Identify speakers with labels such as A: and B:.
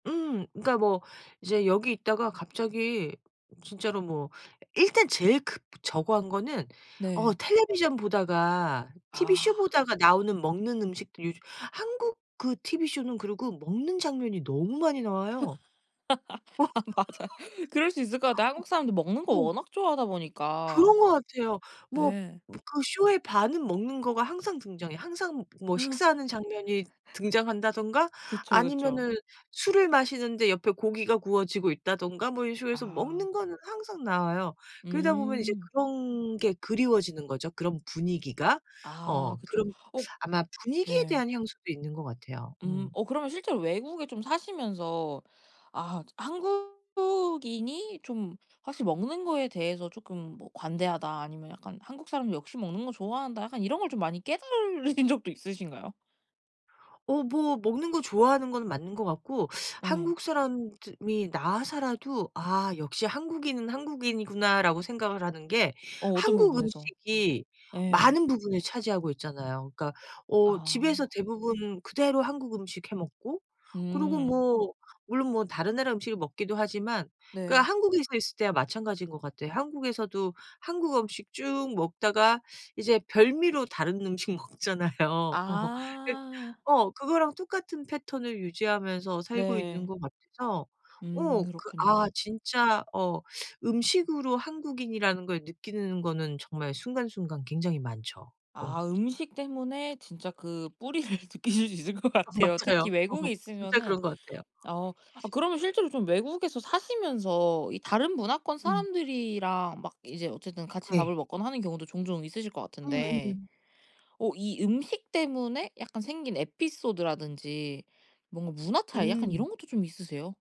A: 음. 그러니까 뭐 이제 여기 있다가 갑자기 진짜로 뭐 일단 제일 그 뭐 저거한 거는 어
B: 네.
A: 텔레비전 보다가 티브이쇼
B: 아.
A: 보다가 나오는 먹는 음식들 요즘 한국 그 티브이쇼는 그리고 먹는 장면이 너무 많이 나와요.
B: 아 맞아. 그럴 수 있을 것 같아. 한국 사람도 먹는
A: 어.
B: 거
A: 어.
B: 워낙 좋아하다 보니까.
A: 그런 것 같아요. 뭐
B: 예.
A: 그 쇼의 반은 먹는 거가 항상 등장해요. 항상 뭐
B: 어.
A: 식사하는 장면이 등장한다든가
B: 그쵸, 그쵸.
A: 아니면은 술을 마시는데 옆에 고기가 구워지고 있다든가 뭐 이런 식으로 해서
B: 아.
A: 먹는 거는 항상 나와요. 그러다 보면 이제
B: 음.
A: 그런 게 그리워지는 거죠 그런 분위기가.
B: 아.
A: 어
B: 그쵸.
A: 그런
B: 어
A: 아마 분위기에
B: 네.
A: 대한 향수도 있는 것 같아요.
B: 음.
A: 음.
B: 어 그러면 실제로 외국에 좀 사시면서 '아하 한국인이 좀 확실히 먹는 거에 대해서 쪼끔 뭐 관대하다.' 아니면 약간 '한국 사람 역시 먹는 거 좋아한다.' 약간 이런 걸 좀 많이 깨달으신 적도 있으신가요?
A: 어 뭐 먹는 거 좋아하는 건 맞는 것 같고
B: 예.
A: 한국 사람들이 나와 살아도 '아 역시 한국인은 한국인이구나.'라고 생각을 하는 게
B: 어 어떤
A: 한국
B: 부분에서.
A: 음식이
B: 예.
A: 많은 부분을 차지하고 있잖아요. 그러니까 어 집에서
B: 아.
A: 대부분 그대로 한국 음식 해 먹고 그리고
B: 음.
A: 뭐 물론 뭐 다른 나라 음식을 먹기도 하지만 그러니까
B: 네.
A: 한국에서 있을 때와 마찬가지인 것 같아요. 한국에서도 한국 음식 쭉 먹다가 이제 별미로 다른 음식 먹잖아요. 어 그
B: 아.
A: 어 그거랑 똑같은 패턴을 유지하면서 살고 있는
B: 네.
A: 것 같아서
B: 음.
A: 어 그 아
B: 그렇군요.
A: 진짜 어 음식으로 한국인이라는 걸 느끼는 거는 정말 순간순간 굉장히 많죠. 어.
B: 아. 음식 때문에 진짜 그 뿌리를 느끼실 수 있을 것
A: 아
B: 같아요 특히
A: 맞아요. 어.
B: 외국에
A: 진짜
B: 있으면은.
A: 그런 것 같아요.
B: 어 아 그러면 실제로 좀 외국에서 사시면서 이 다른 문화권
A: 음.
B: 사람들이랑 막 이제 어쨌든 같이
A: 네.
B: 밥을 먹거나 하는 경우도 종종 있으실 것 같은데
A: 음음.
B: 어 이 음식 때문에 약간 생긴 에피소드라든지 뭔가 문화 차이 약간
A: 음.
B: 이런 것도 좀 있으세요?